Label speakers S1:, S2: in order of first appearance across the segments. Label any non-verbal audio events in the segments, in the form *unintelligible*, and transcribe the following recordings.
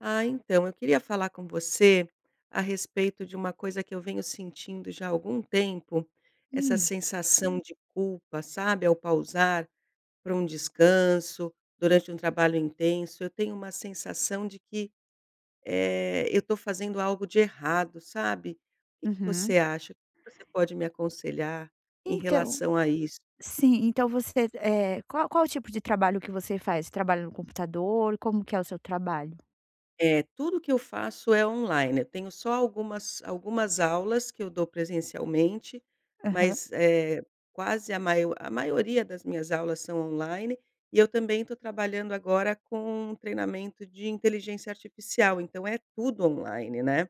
S1: Ah, então eu queria falar com você a respeito de uma coisa que eu venho sentindo já há algum tempo. Essa
S2: Hum.
S1: sensação de culpa, sabe, ao pausar para um descanso durante um trabalho intenso. Eu tenho uma sensação de que, eh, eu estou fazendo algo de errado, sabe. O que que
S2: Uhum.
S1: você acha? O que que você pode me aconselhar em
S2: Então,
S1: relação a isso?
S2: sim. Então você, eh, qual qual o tipo de trabalho que você faz? Trabalha no computador? Como que é o seu trabalho?
S1: É, tudo que eu faço é online. Eu tenho só algumas, algumas aulas que eu dou presencialmente,
S2: Aham.
S1: mas é quase a maior a maioria das minhas aulas são online e eu também estou trabalhando agora com um treinamento de inteligência artificial. Então é tudo online, né.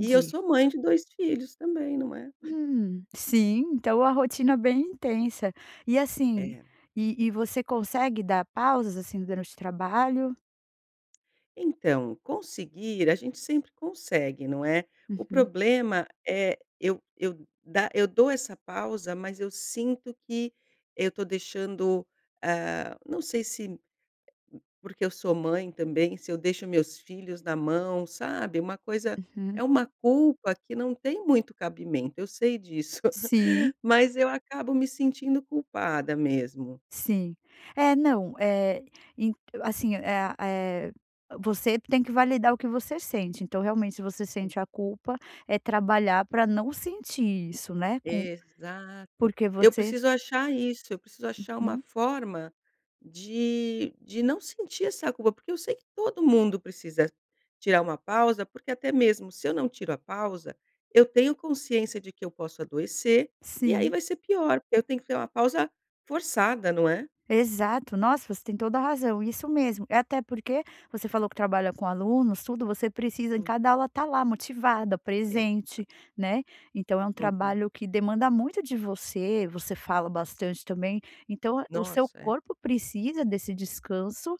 S1: E eu sou mãe de 2 filhos também, não é?
S2: Hum, sim, então a rotina bem intensa e assim,
S1: É.
S2: e e, você consegue dar pausas assim durante o trabalho?
S1: Então conseguir, a gente sempre consegue, não é. O
S2: Uhum.
S1: problema é eu eu dá eu dou essa pausa, mas eu sinto que eu estou deixando, ah, não sei se porque eu sou mãe também se eu deixo meus filhos na mão, sabe, uma coisa
S2: Uhum.
S1: É uma culpa que não tem muito cabimento. Eu sei disso,
S2: Sim.
S1: *laughs* mas eu acabo me sentindo culpada mesmo.
S2: Sim, é, não, eh, en assim, eh eh, você tem que validar o que você sente. Então, realmente você
S1: Hum.
S2: sente a culpa, é trabalhar para não sentir isso, né. Com
S1: Exato.
S2: porque
S1: Eu
S2: você
S1: preciso achar isso. Eu preciso achar uma
S2: Uhum.
S1: forma de de não sentir essa culpa, porque eu sei que todo mundo precisa tirar uma pausa, porque até mesmo se eu não tiro a pausa, eu tenho consciência de que eu posso adoecer, e aí
S2: Sim.
S1: vai ser pior, porque eu tenho que ter uma pausa forçada, não é?
S2: Exato, nossa, você tem toda a razão. Isso mesmo. É até porque você falou que trabalha com alunos, tudo você precisa em
S1: Hum.
S2: cada aula estar lá motivada,
S1: Exato.
S2: presente, né. Então é um
S1: Uhum.
S2: trabalho que demanda muito de você. Você fala bastante também. Então o seu
S1: Nossa, é.
S2: corpo precisa desse descanso,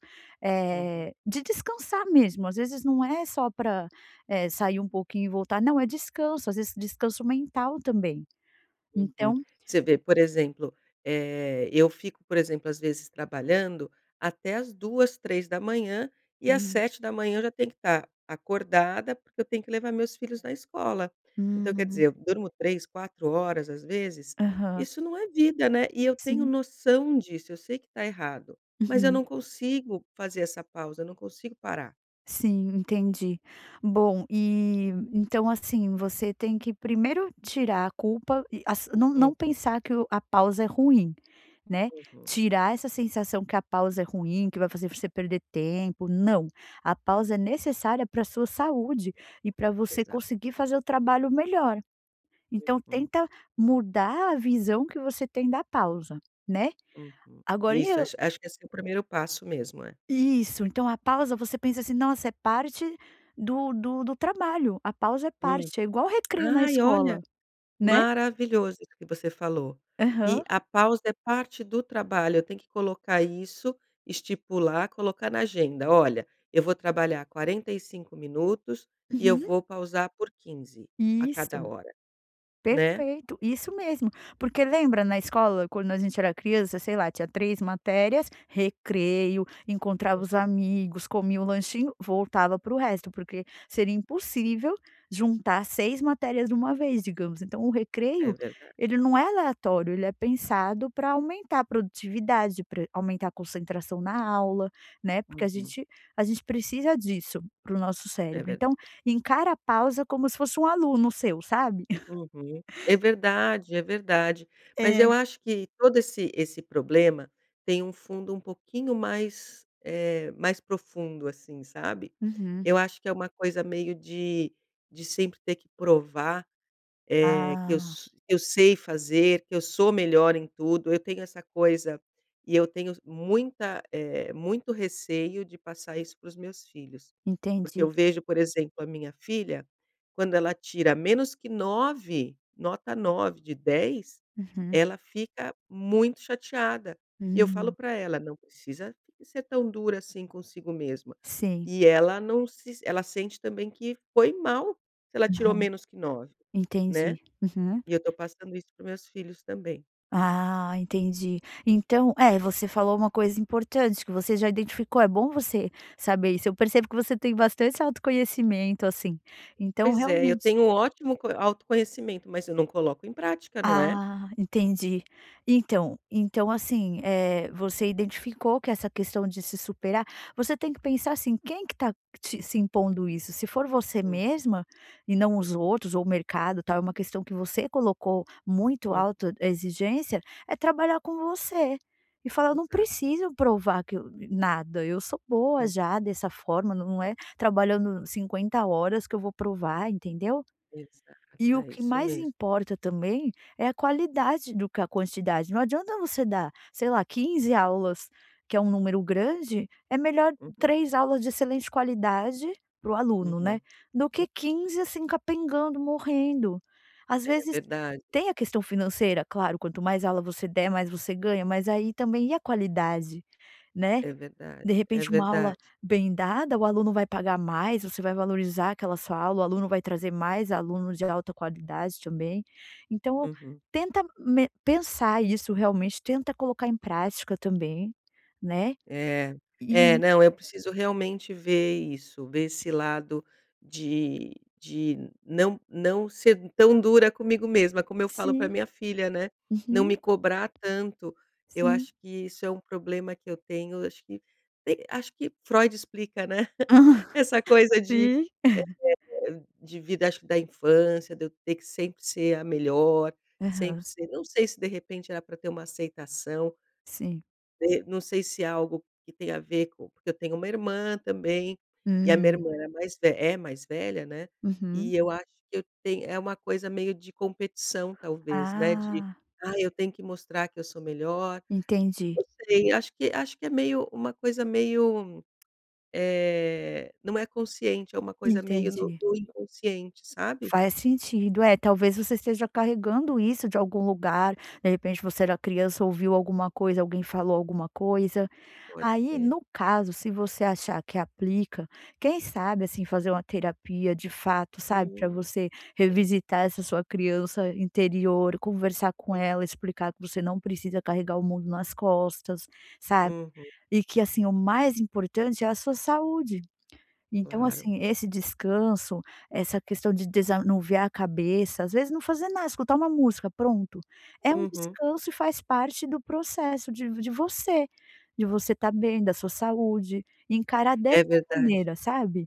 S1: Uhum.
S2: eh, de descansar mesmo. Às vezes não é só para, eh, sair um pouquinho e voltar. Não, é descanso, às vezes descanso mental também, então
S1: Uhum, você vê, por exemplo, eh, eu fico, por exemplo, às vezes trabalhando até às 2h, 3h e às
S2: Hum.
S1: 7h eu já tenho que estar acordada, porque eu tenho que levar meus filhos na escola. Então, quer dizer,
S2: Hum.
S1: eu durmo 3, 4 horas, às vezes.
S2: Aham.
S1: Isso não é vida, né. E eu tenho
S2: Sim.
S1: noção disso. Eu sei que está errado, mas eu
S2: Uhum.
S1: não consigo fazer essa pausa. Eu não consigo parar.
S2: Sim, entendi. Bom, eh, então, assim, você tem que, primeiro tirar a culpa e as não não
S1: Uhum.
S2: pensar que o a pausa é ruim, né.
S1: Uhum.
S2: Tirar essa sensação que a pausa é ruim, que vai fazer pra você perder tempo, não. A pausa é necessária pra a sua saúde e pra você
S1: Exato.
S2: conseguir fazer o trabalho melhor. Então,
S1: Uhum.
S2: tenta mudar a visão que você tem da pausa, né.
S1: Uhum.
S2: Agora e
S1: Isso.
S2: o
S1: Acho acho que esse é o primeiro passo mesmo, é.
S2: Isso. Então, a pausa, você pensa assim: "Nossa, é parte do do do trabalho". A pausa é
S1: Hum.
S2: parte, é igual o recreio na
S1: Ai,
S2: escola,
S1: olha,
S2: né?
S1: maravilhoso isso que você falou, que
S2: Aham.
S1: a pausa é parte do trabalho. Eu tenho que colocar isso, estipular, colocar na agenda: "Olha, eu vou trabalhar 45 minutos, e eu
S2: Uhum.
S1: vou pausar por 15 a cada
S2: Isso.
S1: hora", né.
S2: Perfeito, isso mesmo. Porque lembra na escola, quando a gente era criança, sei lá, tinha 3 matérias, recreio, encontrava os
S1: Uhum.
S2: amigos, comia um lanchinho, voltava para o resto porque seria impossível juntar 6 matérias de uma vez, digamos. Então o
S1: É
S2: recreio,
S1: verdade.
S2: ele não é aleatório. Ele é pensado para aumentar a produtividade para aumentar a concentração na aula, né? Porque a
S1: Uhum.
S2: gente a gente precisa disso para o nosso
S1: É
S2: cérebro.
S1: ver
S2: Então, encara a pausa como se fosse um aluno seu, sabe. *chuckles*
S1: Uhum. É verdade, é verdade. Mas
S2: É.
S1: eu acho que todo esse esse problema tem um fundo um pouquinho mais eh, mais profundo, assim, sabe.
S2: Uhum.
S1: Eu acho que é uma coisa meio de de sempre ter que provar, eh que eu
S2: Ah.
S1: s eu sei fazer que eu sou melhor em tudo. Eu tenho essa coisa e eu tenho muita eh, muito receio de passar isso para os meus filhos. Porque eu
S2: Entendi.
S1: vejo, por exemplo, a minha filha, quando ela tira menos que 9, nota 9 de 10,
S2: Uhum.
S1: ela fica muito chateada e eu falo
S2: Hum.
S1: para ela: "Não precisa ser tão dura assim consigo mesmo".
S2: Sim.
S1: E ela não se ela sente também que foi mal se ela tirou
S2: Aham.
S1: menos que 9, né.
S2: Entendi. Uhum.
S1: E eu estou passando isso para os meus filhos também.
S2: Ah, entendi. Então, é, você falou uma coisa importante que você já identificou, é bom você saber isso. Eu percebo que você tem bastante autoconhecimento, assim, então
S1: Pois é. Eu
S2: realmente
S1: tenho um ótimo co autoconhecimento, mas eu não coloco em prática, não é.
S2: Ah, entendi. Então então, assim, eh, você identificou que essa questão de se superar você tem que pensar assim: quem que está te se impondo isso? Se for você
S1: Uhum.
S2: mesma e não os outros, ou o mercado, tal, é uma questão que você colocou muito
S1: Uhum.
S2: autoexigência, é trabalhar com você e falar: "Eu não
S1: Exato.
S2: preciso provar que eu nada, eu sou boa
S1: Hum.
S2: já dessa forma. Não é trabalhando 50 horas que eu vou provar", entendeu?
S1: Exato,
S2: E o
S1: é
S2: que
S1: isso
S2: mais
S1: mesmo.
S2: importa também é a qualidade do que a quantidade. Não adianta você dar, sei lá 15 aulas, que é um número grande. É melhor
S1: Uhum.
S2: 3 aulas de excelente qualidade, para o aluno, né,
S1: Uhum.
S2: do que 15, assim, capengando, morrendo. Às
S1: É,
S2: vezes
S1: verdade.
S2: tem a questão financeira, claro, quanto mais aula você der, mais você ganha, mas aí também e a qualidade, né.
S1: É verdade,
S2: De
S1: é
S2: repente, uma aula
S1: verdade.
S2: bem dada, o aluno vai pagar mais, você vai valorizar aquela sua aula, o aluno vai trazer mais alunos de alta qualidade também. Então
S1: Uhum.
S2: tenta me pensar isso realmente, tenta colocar em prática também, né.
S1: É, é,
S2: E
S1: não, eu preciso realmente ver isso, ver esse lado de de não não ser tão dura comigo mesma, como eu falo pra
S2: Sim.
S1: minha filha, né, não
S2: Uhum.
S1: me cobrar tanto. Eu acho
S2: Sim.
S1: que isso é um problema que eu tenho, acho que eh, acho que Freud explica, né. *chuckles* Essa
S2: *laughs*
S1: coisa de
S2: Sim. *chuckles*
S1: eh, de vida, acho que da infância, de eu ter que sempre ser a melhor, sempre
S2: Aham.
S1: ser não sei se, de repente, era pra ter uma aceitação.
S2: Sim.
S1: De não sei se é algo que tem a ver co porque eu tenho uma irmã também, e a minha
S2: Hum.
S1: irmã era mais ve é mais velha, né.
S2: Uhum.
S1: E eu acho que eu tem é uma coisa meio de competição, talvez, né, de:
S2: Ah.
S1: "Ah, eu tenho que mostrar que eu sou melhor".
S2: Entendi.
S1: Não sei, acho que acho que é meio uma coisa meio, *clicks tongue* eh, não é consciente, é uma coisa meio no
S2: Entendi.
S1: no inconsciente, sabe.
S2: Faz sentido. É, talvez você esteja carregando isso de algum lugar. De repente, você era criança, ouviu alguma coisa, alguém falou alguma coisa.
S1: Pode
S2: Aí,
S1: ser.
S2: no caso, se você achar que aplica, quem sabe, assim, fazer uma terapia de fato, sabe, pra
S1: Hum,
S2: você
S1: sim.
S2: revisitar essa sua criança interior, conversar com
S1: Uhum.
S2: ela, explicar que você não precisa carregar o mundo nas costas, sabe.
S1: Uhum.
S2: E que, assim, o mais importante é a sua saúde. Então,
S1: Claro.
S2: assim, esse descanso, essa questão de desanuviar a cabeça, às vezes, não fazer nada, escutar uma música, pronto, é um
S1: Uhum.
S2: descanso e faz parte do processo de de você. De você estar bem, da sua saúde, e encarar dessa
S1: É verdade.
S2: maneira, sabe.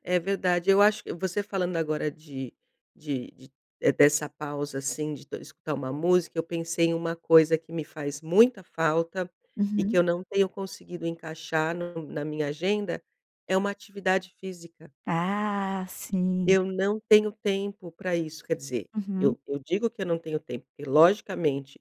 S1: É verdade. Eu acho você falando agora de de de eh, dessa pausa, assim, de escutar uma música, eu pensei em uma coisa que me faz muita falta e que
S2: Uhum.
S1: eu não tenho conseguido encaixar no na minha agenda, é uma atividade física.
S2: Ah, sim.
S1: Eu não tenho tempo pra isso. Quer dizer,
S2: Uhum.
S1: eu eu digo que eu não tenho tempo, porque logicamente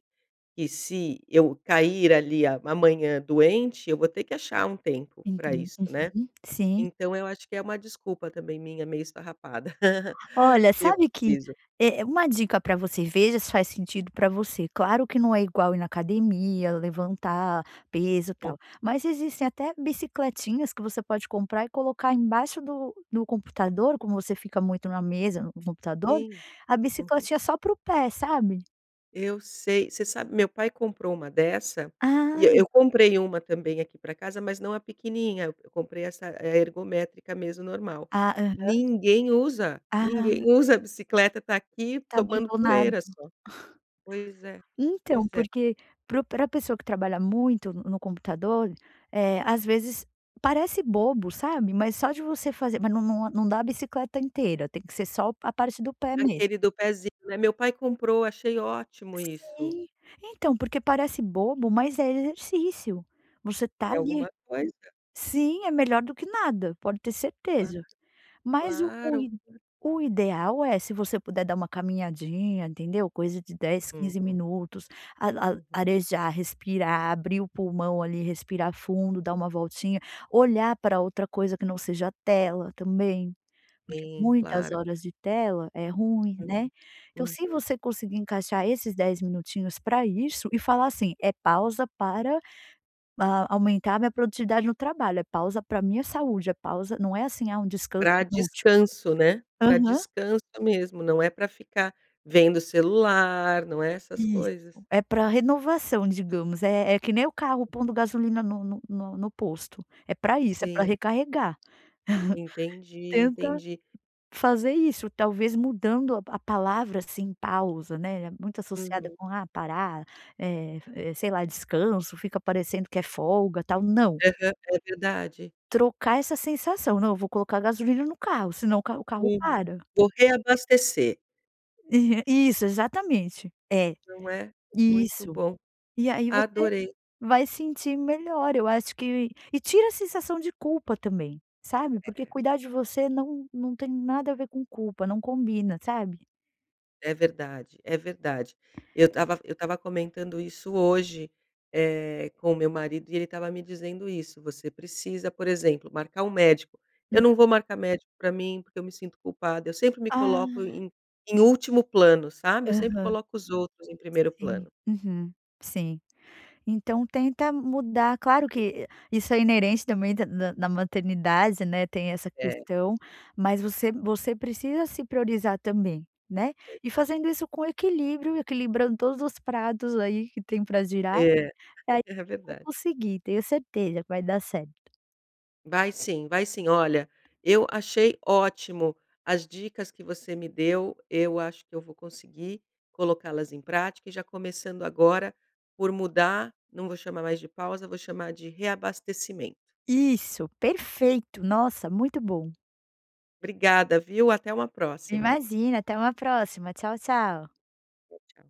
S1: que se eu cair ali a amanhã doente, eu vou ter que achar um tempo pra
S2: Enten
S1: isso, né.
S2: uhum. Sim.
S1: Então eu acho que é uma desculpa também minha, meio esfarrapada. *chuckles*
S2: Olha,
S1: E eu
S2: sabe que
S1: preciso.
S2: eh, uma dica para você, veja se faz sentido pra você. Claro que não é igual ir na academia, levantar peso e
S1: Hum.
S2: tal, mas existem até bicicletinhas que você pode comprar e colocar embaixo do do computador, como você fica muito na mesa, no computador,
S1: Sim.
S2: a
S1: Uhum.
S2: bicicletinha só para o pé, sabe.
S1: Eu sei você sabe, meu pai comprou uma dessa e
S2: Ah.
S1: eu comprei uma também aqui pra casa, mas não a pequenininha, eu comprei essa ergométrica mesmo normal,
S2: Ah, aham.
S1: ninguém usa,
S2: Ah.
S1: ninguém usa a bicicleta, tá aqui
S2: Tá
S1: tomando poeira
S2: abandonada.
S1: só, pois é,
S2: Então,
S1: pois é.
S2: porque para o pra pessoa que trabalha muito no computador, eh, às vezes parece bobo, sabe. Mas só de você fazer, mas não não não dá a bicicleta inteira, tem que ser só a parte do pé mesmo.
S1: Aquele do pezinho, né, meu pai comprou, achei ótimo isso.
S2: Sim, então, porque parece bobo, mas é exercício, você tá
S1: É
S2: ali.
S1: alguma coisa.
S2: Sim, é melhor do que nada, pode ter
S1: Ham,
S2: certeza, mas o o
S1: claro,.
S2: i
S1: *unintelligible*
S2: o ideal é se você puder dar uma caminhadinha, entendeu, coisa de 10, 15
S1: Uhum.
S2: minutos, a a
S1: Uhum.
S2: arejar, respirar, abrir o pulmão ali, respirar fundo, dar uma voltinha, olhar pra outra coisa que não seja tela, também, porque
S1: Sim,
S2: muitas
S1: claro,
S2: horas de tela é ruim,
S1: Uhum.
S2: né. Então, se
S1: Uhum.
S2: você conseguir encaixar esses 10 minutinhos pra isso, e falar assim: "É pausa para, hã, aumentar a minha produtividade no trabalho, é pausa pra minha saúde, é pausa não é assim, ah, um descanso
S1: Pra
S2: inútil."
S1: descanso, né, pra
S2: Aham.
S1: descanso mesmo. Não é pra ficar vendo o celular, não é essas
S2: Isso,
S1: coisas.
S2: é para a renovação, digamos, eh eh, que nem o carro pondo gasolina no no no no posto, é pra isso, é pra
S1: Sim.
S2: recarregar. *giggles*
S1: Entendi,
S2: Tenta
S1: entendi.
S2: fazer isso, talvez mudando a a palavra, assim, pausa, né, é muito associada
S1: Uhum.
S2: com ah, parar, é é, sei lá, descanso, fica parecendo que é folga tal, não.
S1: Aham, é verdade.
S2: Trocar essa sensação, não, eu vou colocar gasolina no carro, senão o carro o carro
S1: Hum,
S2: para.
S1: vou reabastecer.
S2: É, isso, exatamente, é,
S1: Não é, muito
S2: isso,
S1: bom,
S2: e aí, você
S1: adorei.
S2: vai sentir melhor eu acho que e tira a sensação de culpa também, sabe, porque
S1: É.
S2: cuidar de você não não tem nada a ver com culpa, não combina, sabe.
S1: É verdade, é verdade, eu estava eu estava comentando isso hoje, eh, com o meu marido e ele estava me dizendo isso: "Você precisa, por exemplo, marcar um médico", eu
S2: Hum.
S1: não vou marcar médico para mim porque eu me sinto culpada, eu sempre me coloco
S2: Ah.
S1: em em último plano, sabe? Eu sempre
S2: Aham.
S1: coloco os outros em primeiro
S2: Sim,
S1: plano.
S2: uhum sim, então tenta mudar, claro que isso é inerente também da na na maternidade, né, tem essa
S1: É.
S2: questão mas você você precisa se priorizar também, né? E
S1: Exa
S2: fazendo isso com equilíbrio, equilibrando todos os pratos, aí, que tem para girar,
S1: É,
S2: aí,
S1: é
S2: você vai
S1: verdade.
S2: conseguir tenho certeza que vai dar certo.
S1: Vai sim, vai sim. Olha, eu achei ótimo as dicas que você me deu, eu acho que eu vou conseguir colocá-las em prática e já começando agora por mudar, não vou chamar mais de pausa, vou chamar de reabastecimento.
S2: Isso, perfeito, nossa, muito bom.
S1: Obrigada, viu até uma próxima.
S2: Imagina, até uma próxima. Tchau, tchau.
S1: Tchau, tchau.